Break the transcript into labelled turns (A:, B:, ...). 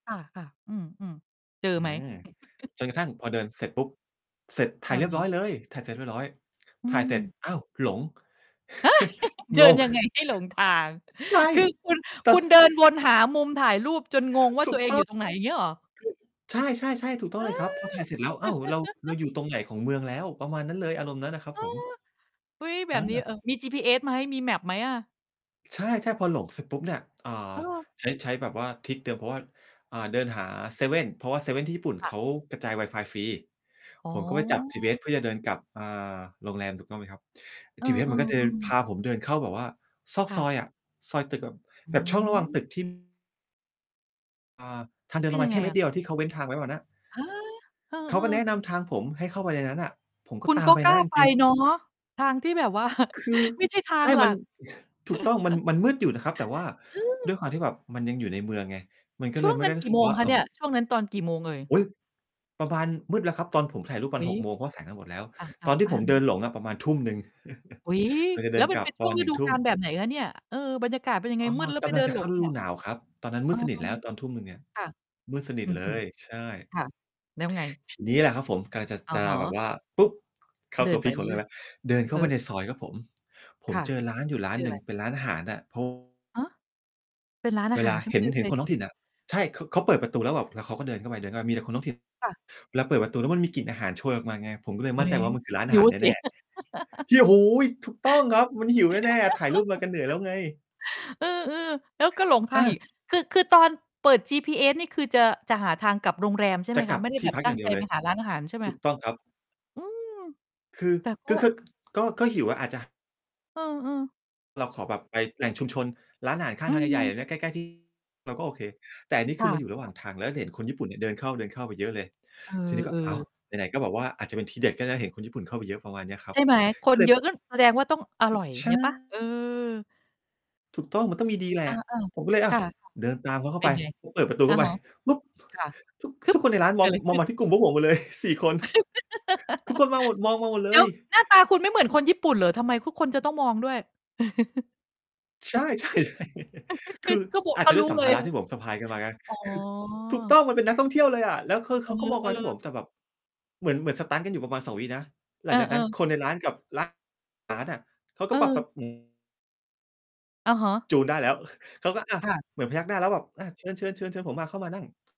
A: ค่ะ ๆ อืม ๆ เจอ
B: อื
A: ไหม
B: ม จนกระทั่งพอเดินเสร็จปุ๊บ เสร็จถ่
A: อ
B: าย
A: ะ
B: เรียบ
A: ฮ
B: ร้อย
A: ะ
B: เลย ถ่ายเสร็จเรียบร้อย
A: อื
B: ถ่ายเสร็จ
A: ม
B: อ้าว! หลง
A: ฮะ เด
B: ง
A: ิน
B: ง
A: ยังไงให้หลงทาง
B: ใช่
A: คือคุณ
B: แต่
A: คุณเดินวนหามุมถ่ายรูปจนงงว่า
B: ถู
A: ตั
B: ก
A: วเอง
B: ต้
A: อ
B: อ
A: ยู
B: ง
A: ่ตรงไหนอย่างงี้เหรอ?
B: [unintelligible] ใช่ ๆ ๆ ถูกต้อ
A: เ
B: ง
A: อ
B: เลยครับ พอ
A: อ
B: ถ่ายเสร็จแล้ว อ้าว! เรา เราอยู่ตรงไหนของเมืองแล้ว? ประมาณนั้นเลย อารมณ์นั้นอะครับ
A: อ้อ
B: ผม
A: อุ๊ย แบ
B: อ
A: บนี้
B: า
A: เอ่อ มี GPS ไหม? มี map ไหมอะ?
B: ใช่ ๆ พอหลงเสร็จปุ๊บ! เนี่ย อ่า
A: เออ
B: ใช้ ใช้แบบว่าทริกเดิม เพราะว่า อ่า เดินหาเซเว่น เพราะว่าเซเว่นที่ญี่ปุ่น
A: ค
B: เ
A: ่ะ
B: ขากระจายไวฟายฟรี
A: อ๋
B: ผมก็ไปจับจี
A: อ
B: พีเอสเพื่อจะเดินกลับ อ่า โรงแรม ถูกต้องไหมครับ
A: เอ
B: จีพีเอสม
A: อ
B: ันก็เดิน พ
A: ๆ ๆ
B: าผมเดินเข้าแบบว่าซอก
A: ค่
B: ซอ
A: ะ
B: ยอะ ซอยตึก
A: อื
B: แบบช่องระหว่างต
A: ม
B: ึก ที่ อ่า ทางเดิ
A: เป
B: น
A: ็
B: ป
A: น
B: ระม
A: ย
B: า
A: ั
B: ณ
A: ง
B: แค
A: ไง
B: ่เม
A: อ
B: ตร
A: ะ?
B: เดียว ที่เขาเว้นทางไว้อะนะ
A: ฮะ! เออ
B: เขาก็แนะ
A: ๆ
B: นำทางผมให้เข้าไปในนั้นน่ะ ผมก
A: ค
B: ็
A: ุณ
B: ตา
A: ก
B: ม
A: ็
B: ไป
A: กล
B: น
A: ้
B: ะ
A: า
B: จ
A: ไป
B: ริง ๆ
A: เนาะ ทางที่แบบ ว่า
B: คือ
A: ไม่ใช่ทา
B: ใช
A: ง
B: ่
A: หลั
B: มัน
A: ก
B: ถูกต้อง มัน มันมืดอยู่นะครับ แต่ว่า
A: อ
B: ด
A: ือ
B: ้วยความที่แบบมันยังอยู่ในเมืองไง มันก็
A: ช
B: เ
A: ่
B: ล
A: ว
B: ย
A: ง
B: ไม่
A: นั
B: ไ
A: ้
B: ด้
A: น
B: ร
A: ก
B: ู้
A: ี่
B: สึ
A: โ
B: ก
A: มง
B: ว่า
A: ค
B: อ
A: ะ
B: ่า
A: เนี่ย ช่วงนั้นตอนกี่โมงเอ่ย?
B: อุ๊ย ประมาณ มืดแล้วครับ ตอนผมถ่ายรูปประ
A: อ
B: ม
A: ุ
B: า
A: ๊
B: ณ
A: ย
B: 6 โมง เพราะแสงมันหมดแล้ว
A: อะ ๆ
B: ตอนที
A: อ
B: ่
A: า
B: ผม
A: อือ
B: เดิ
A: ฮึ
B: นหลงอะประมาณ 19:00
A: อุ๊ย!
B: เราจะเ
A: แ
B: ด
A: ล
B: ิ
A: ้ว
B: น
A: มั
B: ก
A: น
B: ลั
A: เป
B: บ
A: ็นช
B: ต
A: ่
B: อ
A: วง
B: น ห
A: ฤ
B: นึ่ง
A: ดู
B: ทุ
A: ก
B: ่
A: า
B: ม
A: ลแบบไหนคะเนี่ย เอ่อ บรรยากาศเป็นยังไง?
B: อ๋อ
A: มืดแล้ว
B: ก
A: ไป
B: ำ
A: เ
B: ล
A: ด
B: ั
A: ิ
B: ง
A: น
B: จะ
A: หล
B: เข้า
A: ง
B: ฤ
A: เนี
B: ด
A: ่
B: ู
A: ย
B: หนาวครับ ตอนนั้นม
A: อ
B: ื
A: ื
B: ดสนิทแล
A: ม
B: ้วตอน 19:00 เนี่ย
A: ค่ะ
B: มืดสนิ
A: อ
B: ท
A: ื
B: เล
A: ม
B: ย ใช่
A: ๆ ค่ะ แล้วไง?
B: ทีเนี้ยแหละครับผม กำลังจะ
A: อ
B: จ
A: ะ
B: ะ
A: ฮ
B: แบบ
A: ะ
B: ว่า ปุ๊บ! เข้า
A: เดิ
B: ตัว
A: นไ
B: พ
A: ป
B: ีก
A: เ
B: ของเ
A: ร
B: รื
A: ื
B: ่
A: ่
B: อ
A: อ
B: ง
A: ย
B: แล้ว เดินเ
A: ๆ เ
B: ข
A: อ
B: ้า
A: อ
B: ไปในซอยครับผม ผ
A: ค
B: ม
A: ่ะ
B: เจอร้านอยู
A: แ
B: ่
A: ล้ว
B: ร้า
A: เจ
B: น
A: อ
B: หนึ่
A: ไร?
B: ง เป็นร้านอาหารอะ ผ
A: ฮะ เป็นร้านอ
B: เว
A: าห
B: ล
A: าร
B: า
A: ใช่ไห
B: เ
A: ม?
B: ห็น
A: เดิน
B: เห
A: ไ
B: ็
A: ป
B: นคนท้อ
A: มั
B: ง
A: น
B: ถิ่น
A: ก็
B: อ
A: เจอ
B: ะ ใช่ เขา เขาเปิดประตูแล้วแบบ แล้วเขาก็เดินเข้าไป เข้าไป มีแต่คนท้อง ถิ่น
A: ค่ะ
B: เวลาเปิดประตูแล้วมันมีกลิ่นอาหารโชยออกมาไง ผมก็เลย
A: โอ้
B: มั่นใ
A: ย
B: จว่ามันคือร้านอ
A: ห
B: า
A: ิ
B: หา
A: ว
B: ร
A: สิ
B: แน่ ๆ เฮี้ย! โอ้โฮ! ถูกต้องครับ มันหิวแน่ ๆ ถ่ายรูปมากันเหนื่อยแล้วไง
A: เออ ๆ แล้วก็หลงท
B: อ
A: างอ
B: า
A: ีก คือ คือตอนเปิดจีพีเอสนี่ คือจะ จะหาทางกลับโรงแรมใช่ไ
B: จ
A: หม
B: ะ
A: ค
B: กล
A: ะ?
B: ับ
A: ไม่ได้
B: ท
A: แ
B: ี
A: บ
B: ่
A: บ
B: พัก
A: ตั
B: อ
A: ้
B: ย่
A: ง
B: างเ
A: ใ
B: ด
A: จ
B: ียวเล
A: ไป
B: ย
A: หาร้านอาหารใช่ไหม?
B: ถูกต้องครับ
A: อืม
B: คือ
A: แต่ก็
B: ก็คือ คือ ก็ ก็หิวอะ อาจจะ
A: เออ ๆ
B: เราขอแบบไปแหล่งชุมชนร้านอาหารข้
A: อ
B: า
A: ื
B: งทางใหญ่
A: ม
B: ๆ ใกล้ ๆ ที่ เราก็โอเค แต่อันนี้
A: ค
B: คื
A: ่
B: อมันอยู่ระหว่า
A: ะ ๆ
B: งทาง แล้ว ด เห็นคนญี่ปุ่นเนี่ยเดินเข้า เดินเข้าไปเยอะเลย
A: เอ
B: ทีนี้ก็ อ้าว
A: อ ๆ
B: ไหน ๆ ก็บอกว่าอาจจะเป็นที่เด็ด ก็นะเห็นคนญี่ปุ่นเข้าไปเยอะประมาณเนี้ยครั
A: ใช
B: บ
A: ่ไหม ค
B: ก็
A: น
B: เล
A: เย
B: ย
A: อะ ก็แสดงว่าต้องอร่อย อย่า
B: ใช
A: งเ
B: ่
A: งี้ยเปล่า? เออ
B: ถูกต้อง มันต้องมีดีแหละ
A: อา
B: ผมก็เลย
A: ๆ
B: อ้
A: ค
B: าว
A: ่ะ
B: เดินตามเขาเข้
A: เ
B: า
A: ป
B: ไ
A: ็
B: ป
A: นไง?
B: เปิดประตู
A: อ
B: เข
A: ะ
B: ้าไป
A: ฮะ
B: ปุ๊บ!
A: ค่ะ
B: ทุก
A: คื
B: ท
A: อ
B: ุกคนในร้าน
A: เ
B: ม
A: ก
B: อ
A: ิ
B: ง
A: ดอะไร
B: ม
A: ข
B: อ
A: ึ
B: ง
A: ้น?
B: มาที่กลุ่มพวกผมหมด เลย 4 คน ทุกคนมาหมด มองมาหมดเ
A: แ
B: ล
A: ล้ว
B: ย
A: หน้าตาคุณไม่เหมือนคนญี่ปุ่นเหรอ? ทำไมทุกคนจะต้องมองด้วย?
B: ใช่ ใช่ คือ
A: ถ้าบอก
B: อา
A: เ
B: จ
A: ข
B: จ
A: า
B: ะด
A: ร
B: ้
A: ู
B: ว
A: ้
B: ยสั
A: เ
B: ม
A: ล
B: ภ
A: ย
B: าระ
A: นะ
B: ที่ผมสะพายกันมาไง
A: อ๋อ
B: คือ ถูกต้อง มันเป็นนักท่องเที่ยวเลยอะ แล้วคือ
A: เ
B: เ
A: อ
B: ขาก็มองมาที่
A: อ
B: ผ
A: ๆ
B: มแบบเหมือน เหมือนสตันต์กันอยู่ประมาณ 2 วินะ หล
A: เ
B: ั
A: อ
B: งจากนั้น
A: อ ๆ
B: คนในร้านกับร้าน อาหาร อะ เขาก็
A: เ
B: ปรับ
A: ออ
B: [unintelligible]
A: อะฮะ
B: จูนได้แล้ว เขาก็อะ
A: ค่ะ
B: เหมือนพยักหน้าแล้วแบบอะ เชิญ ๆ ๆ เชิญผมมาเข้ามานั่ง